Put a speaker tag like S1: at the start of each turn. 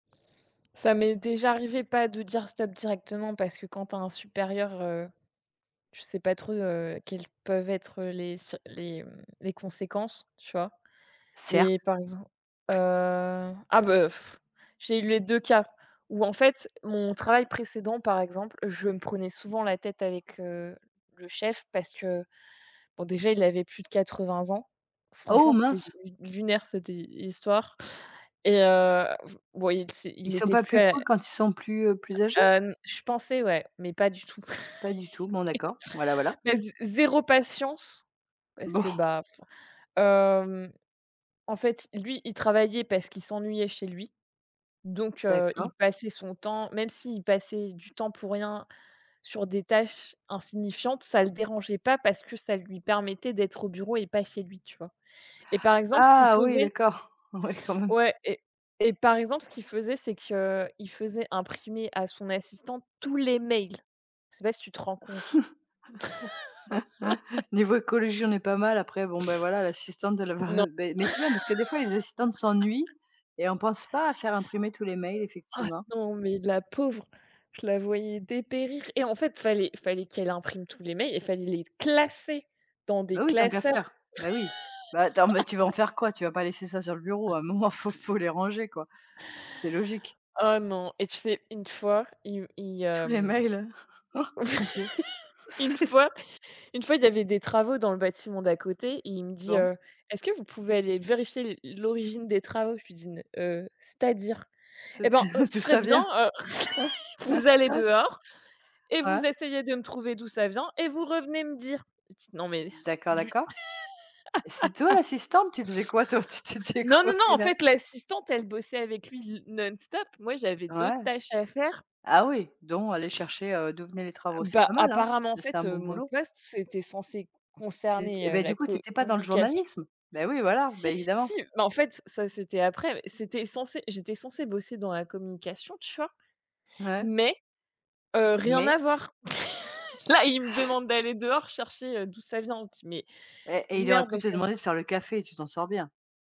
S1: Ça m'est déjà arrivé pas de dire «stop» directement, parce que quand tu as un supérieur, heu, je sais pas trop, heu, quelles peuvent être, heu, les circ les, mmh, les conséquences, tu vois?
S2: Certes.
S1: Mais par exemp heu, ah, bah, j'ai eu les 2 cas où en fait, mon travail précédent, par exemple, je me prenais souvent la tête avec, heu, le chef parce que, bon, déjà, il avait plus de 80 ans.
S2: Oh,
S1: Franchement, c'était
S2: mince.
S1: l lunaire, cette, heu, histoire et heu, ouais, l c'est
S2: Ils
S1: il
S2: sont
S1: était
S2: pas
S1: plus,
S2: plus
S1: heu
S2: cools, quand ils sont plus, heu, plus âgés?
S1: heu, n je pensais, ouais, mais pas du tout,
S2: Pas du tout, bon d'accord. Voilà, voilà.
S1: mais z zéro patience, parce
S2: Bon.
S1: que, bah, enfin, hem, en fait, lui, il travaillait parce qu'il s'ennuyait chez lui, donc heu, il
S2: D'accord.
S1: passait son temps même s'il passait du temps pour rien sur des tâches insignifiantes, ça le dérangeait pas parce que ça lui permettait d'être au bureau et pas chez lui, tu vois? Et par exemple, ce qu'il
S2: Ah, oui,
S1: faisait
S2: d'accord, ouais, quand même.
S1: ouais et et par exemple, ce qu'il faisait, c'est qu'il faisait imprimer, à son assistante, tous les mails. Je sais pas si tu te rends compte?
S2: Niveau écologie, on n'est pas mal. Après, bon, bah, voilà, l'assistante de la
S1: Non.
S2: beh mais c'est bien, parce que, des fois, les assistantes s'ennuient, et on pense pas à faire imprimer tous les mails,
S1: Ah,
S2: effectivement.
S1: non, mais la pauvre, je la voyais dépérir, et en fait, fallait fallait qu'elle imprime tous les mails, et fallait les classer dans des
S2: Bah, oui, tant qu'à
S1: classeurs.
S2: faire, bah, oui. Bah, attends, mais tu veux en faire quoi? Tu vas pas laisser ça sur le bureau. À un moment, faut faut les ranger, quoi. C'est logique.
S1: Oh, non, et tu sais, une fois, il u il,
S2: Tous les
S1: hem,
S2: mails, han! Mon Dieu.
S1: une
S2: C'est
S1: fois une fois, il y avait des travaux dans le bâtiment d'à côté, et il me dit,
S2: Bon.
S1: heu: «Est-ce que vous pouvez aller vérifier l l'origine des travaux?» Je lui dis: «N heu, c'est-à-dire?»
S2: T
S1: «Eh ben, heu, c'est
S2: D'où
S1: très
S2: ça
S1: bien»
S2: vient?
S1: «Heu, vous allez dehors, et
S2: Ouais.
S1: vous essayez de me trouver d'où ça vient, et vous revenez me dire, petite», non
S2: Z
S1: mais
S2: d d'accord,
S1: lu
S2: d'accord, et c'est toi, l'assistante? Tu faisais quoi, toi? Tu t'étais
S1: Non, non, non,
S2: coiffée
S1: en
S2: la
S1: fait, l'assistante, elle bossait avec lui, le non-stop. Moi, j'avais
S2: Ouais.
S1: d'autres tâches à faire.
S2: Ah oui, dont aller chercher, heu, d'où venaient les travaux. C'est
S1: Bah,
S2: pas mal, hein!
S1: apparemment, en
S2: C'est c'est un
S1: fait, heu,
S2: bon
S1: mon
S2: boulot.
S1: poste, c'était censé
S2: T eh
S1: concerner, heu,
S2: ben, du
S1: la
S2: coup, tu étais pas dans le
S1: communication.
S2: journalisme? Bah oui, voilà, bah,
S1: Si, si, si
S2: évidemment.
S1: mais en fait, ça, c'était après mais c'était censé j'étais censée bosser dans la communication, tu vois?
S2: Ouais.
S1: Mais heu, rien à
S2: Mais.
S1: voir. Là, il me
S2: C
S1: demande d'aller dehors chercher, heu, d'où ça vient, dis mais
S2: Eh, eh, il aurait
S1: lunaire
S2: pu
S1: donc
S2: te
S1: heu
S2: demander de faire le café, tu t'en sors bien.